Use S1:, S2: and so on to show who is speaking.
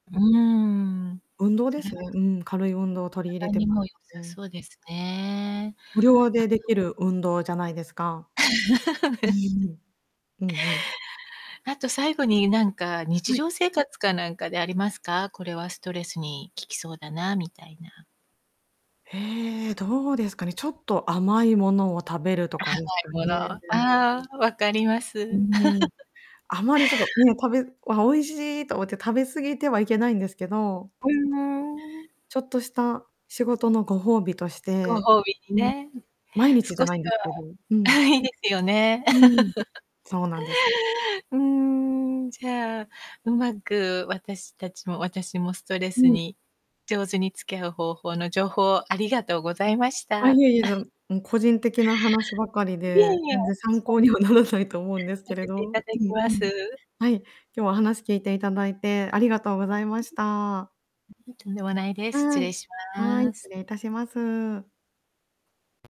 S1: うーん、
S2: 運動
S1: そ
S2: で
S1: れは
S2: すね。うん、軽い運動を取り入れ
S1: 体
S2: て
S1: に
S2: ま
S1: も良さ
S2: うん。
S1: そうですね、
S2: 無料でで
S1: 後
S2: きる運動じゃないですか。うんうん。
S1: あと最後になんか、日
S2: うん。
S1: 常生活かなんかでありますか？これはストレスに効きそうだな、みたいな。
S2: へえ、どうですかね、ちょっと甘いものを食べるとかですか
S1: 甘い物、あ
S2: ね。
S1: あ、わかりま
S2: うん
S1: す。
S2: うんうん、あまりちょっと、うん、食べあ、美味しいと思って食べ過ぎてはいけないんですけど。うん。
S1: ううーん。
S2: ちょっとした仕事のご褒美とし
S1: ご
S2: て、
S1: 褒美に
S2: うん、
S1: ね。
S2: 毎日じゃ
S1: 少し
S2: ないんですけど、う
S1: は
S2: ん。
S1: いいですよね。
S2: うん、そうなんです。
S1: うーん、じゃあ、うまく私たちも私もストレ
S2: う
S1: ス
S2: ん。
S1: に上手に付き合う方法の情報をありがとうございまし
S2: あ、
S1: た。
S2: いえいえ、そ のうん、個人的な話ばかり
S1: いえ
S2: で、
S1: いえ。
S2: 全然参考 にはならないと思うんです
S1: さ
S2: けれ
S1: せてい
S2: ど、
S1: ただ
S2: う
S1: き
S2: ん
S1: ま
S2: うん、
S1: す。
S2: はい、今日は話聞いていただいてありがとうございました。
S1: ううん、とんでもないです。失
S2: は
S1: 礼
S2: い。
S1: し
S2: はい、
S1: ま
S2: 失
S1: す。
S2: 礼いたします。